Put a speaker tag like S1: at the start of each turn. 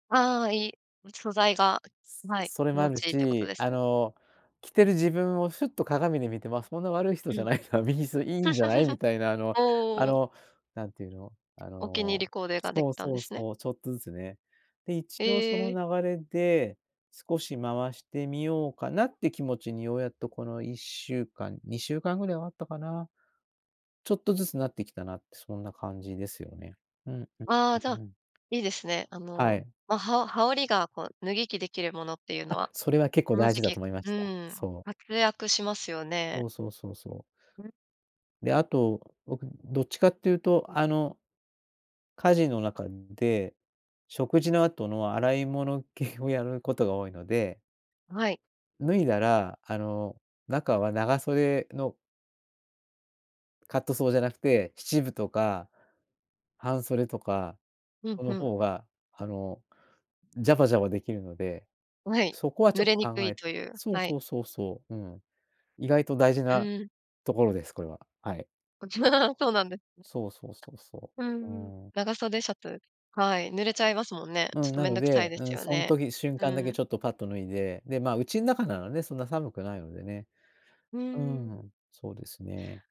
S1: ああ、いい、ん、素材が、はい、
S2: それ
S1: 気
S2: もあ
S1: 持
S2: る
S1: ちいいってこと
S2: し、
S1: です
S2: あ
S1: ね？
S2: の着てる自分をふっと鏡で見て、まあ、そんな悪い人
S1: う
S2: じゃ
S1: ん。
S2: ないな、別にいいんじゃないみ たいな、あのあ
S1: おお。
S2: のなんて言うの、あ
S1: お気に入
S2: の
S1: りコーデができ
S2: そう
S1: たんで
S2: そう
S1: すね。
S2: そう、ちょっとずつね。で、一応そ
S1: え
S2: の
S1: え。
S2: 流れで、少し回してみようかなって気持ちにようやっとこの1週間、2週間ぐらいはあったかな。ちょっとずつなってきたなって、そんな感じですよね。うんうん、う
S1: ああ、じゃ
S2: う
S1: あ、
S2: ん。
S1: いいですね。あ
S2: は
S1: の、
S2: い。
S1: ま、はお羽織りがこう脱ぎ着できるものっていうの
S2: あ、
S1: は、
S2: それは結構
S1: この
S2: 大
S1: 時
S2: 事だ
S1: 期
S2: と思いま
S1: う
S2: した。
S1: ん、
S2: そう。
S1: 活躍しますよね。
S2: そうそうそうそう。
S1: うん。
S2: で、あと僕どっちかっていうと、あの家事の中で、食事の後の洗い物系をやることが多いので
S1: はい。
S2: 脱いだら、あの中は長袖のカットソーじゃなくて七分とか。半袖とか、
S1: ふん
S2: こ
S1: ふ
S2: の
S1: ん。
S2: 方があのジャバジャバできるので、
S1: はい、
S2: そこはち
S1: 濡
S2: ょっ
S1: れ
S2: と
S1: にく
S2: 考
S1: い
S2: えて
S1: という、
S2: そう
S1: はい。
S2: そうそうそう、うん。意外と大事
S1: う
S2: な
S1: ん。
S2: ところです、これは。はい。
S1: そうなんです
S2: そうそうそうそ
S1: ね。う
S2: う。
S1: んうん、
S2: うん。
S1: 長袖シャツ、はい、濡れちゃいますもんね。ち
S2: う
S1: ょっ
S2: ん。
S1: と
S2: な
S1: 面
S2: の
S1: 倒くさい
S2: で、
S1: で
S2: う
S1: す
S2: ん、
S1: よ
S2: そん
S1: ね。
S2: 時瞬
S1: う
S2: 間だけ
S1: ん。
S2: ちょっとぱっと脱いで、で、まあ、うちん中ならね、そんな寒くないのでね。
S1: う
S2: う
S1: ん。
S2: ん、そうですね。